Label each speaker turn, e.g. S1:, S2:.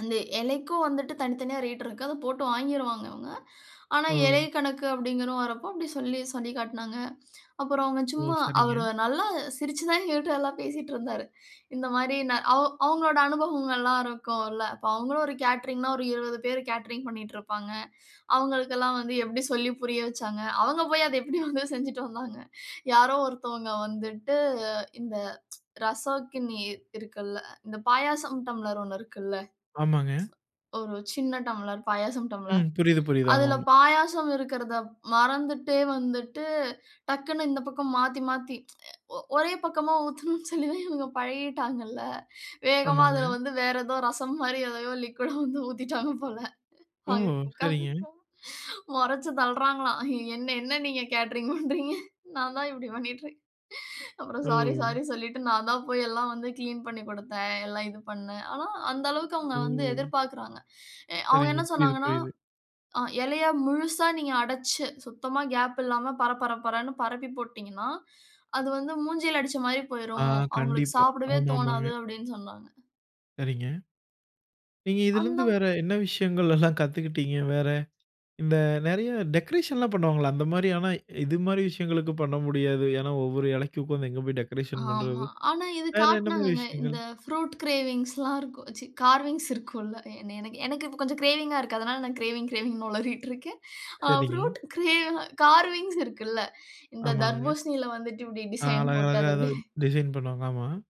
S1: அந்த இலைக்கும் வந்துட்டு தனித்தனியா ரேட் இருக்கு. அத போட்டு வாங்கிருவாங்க இவங்க. ஆனா, இலை
S2: ம்.
S1: கணக்கு அப்டிங்கிறது வரப்போ அப்டி சொல்லி சொல்லி காட்னாங்க. அப்புறம் அவங்க
S2: ஓ!
S1: சும்மா
S2: சரிங்க.
S1: அவர் நல்லா சிரிச்சு தான் எங்ககிட்ட எல்லாம் பேசிட்டுருந்தாரு. இந்த மாரி நா அவங் அவங்களோட அனுபவங்கள்லாம் இருக்கும்ல்ல. அப்ப அவங்களும் ஒரு கேட்டரிங்ன்னா ஒரு 20 பேர் கேட்டரிங் பண்ணிட்டு இருப்பாங்க. அவங்களுக்கெல்லாம் வந்து எப்டி சொல்லி புரிய வச்சாங்க அவங்க போய் அத எப்டி வந்து செஞ்சுட்டு வந்தாங்க? யாரோ ஒருத்தவங்க வந்துட்டு இந்த ரசக்கினி இ இருக்குல்ல இந்த பாயாசம் டம்ளர் ஒண்ணு இருக்குல்ல.
S2: ஆமாங்க.
S1: ஒரு சின்ன டம்ளர் பாயாசம்
S2: ம்.
S1: டம்ப்ளர்.
S2: புரியுது, புரியுது. ஆமா,
S1: அதில
S2: ஆம்.
S1: பாயாசம் இருக்குறத மறந்துட்டே வந்துட்டு டக்குன்னு இந்த பக்கம் மாத்தி, மாத்தி அ ஒ ஒரே பக்கமா ஊத்துணுன்னு சொல்லி தான் இவங்க பழகிட்டாங்கல்ல. வேகமா அதில
S2: ஆமாங்க.
S1: வந்து வேற ஏதோ ரசம் மாதிரி எதையோ லிக்விட்டா வந்து ஊத்திட்டாங்க போல.
S2: ஓ!
S1: [unintelligible] உட்கார்ந்து
S2: சரிங்க.
S1: முறைச்சு தள்ளுறாங்களாம். என்ன? என்ன நீங்க கேட்டரிங் பண்றீங்க? நான் தான் இப்டி பண்ணிறேன். அப்புறம் சாரி
S2: ஒ!
S1: சாரின்னு சொல்லிட்டு நான் தான் போய் எல்லாம் வந்து கிளீன் பண்ணி குடுத்தேன் எல்லாம் இது பண்ணினேன். ஆனா, அந்த அளவுக்கு அவங்க
S2: ஒ!
S1: வந்து எதிர்பார்க்குறாங்க. அ அவங்க
S2: சரிங்க.
S1: என்ன
S2: புரியுது,
S1: சொன்னாங்கன்னா,
S2: புரியுது.
S1: அ இலையா முழுசா நீங்க அடைச்சு, சுத்தமா கேப் இல்லாம பர பர பரன்னு பரப்பி போட்டுட்டீங்கன்னா, அது வந்து முஞ்சில அடிச்ச மாரி
S2: ஆ
S1: போயிரும். அவங்களுக்கு
S2: கண்டிப்பா.
S1: சாப்பிடவே
S2: ஆமா,
S1: தோணாது
S2: ஆமாங்க.
S1: அப்டின் சொன்னாங்க.
S2: சரிங்க. நீங்க இதிலிருந்து
S1: அந்த
S2: வேற என்ன விஷயங்கள்லாம் கத்துக்குட்டீங்க? வேற இந்த நெறைய டெக்கரேஷன்லாம் பண்ணுவாங்கல்ல அந்த மாரி ஆனா, இது மாரி விஷயங்களுக்கு பண்ண முடியாது. ஏனா, ஒவ்வொரு இலைக்குக்கும் உட்கார்ந்து எங்க போய் டெக்கரேஷன் பண்றது.
S1: ஆமா. ஆனா, இது
S2: வேற என்ன மாரி
S1: காட்னாங்கங்க.
S2: விஷயங்கள்?
S1: இந்த ப்ரூட் கிரேவிங்ஸ்லாம் இருக்கும். ச்சீ கார்விங்ஸ் இருக்கும்ல்ல. எனக் எனக்கு இப்ப கொஞ்சம் கிரேவிங்கா இருக்கு. அதனால நான் கிரேவிங், கிரேவிங் ஒளறிட்டு இருக்கேன். அ
S2: சரிங்க.
S1: ப்ரூட் கிரே கார்விங்ஸ் இருக்குல்ல. இந்த
S2: ஆமாங்க.
S1: தர்பூசணியில வந்துட்டு இப்டி
S2: அ
S1: டிசைன் போட்டு
S2: அழகழகா
S1: அத
S2: ஏதோ
S1: இப்டி
S2: டிசைன் பண்ணுவாங்க, ஆமா.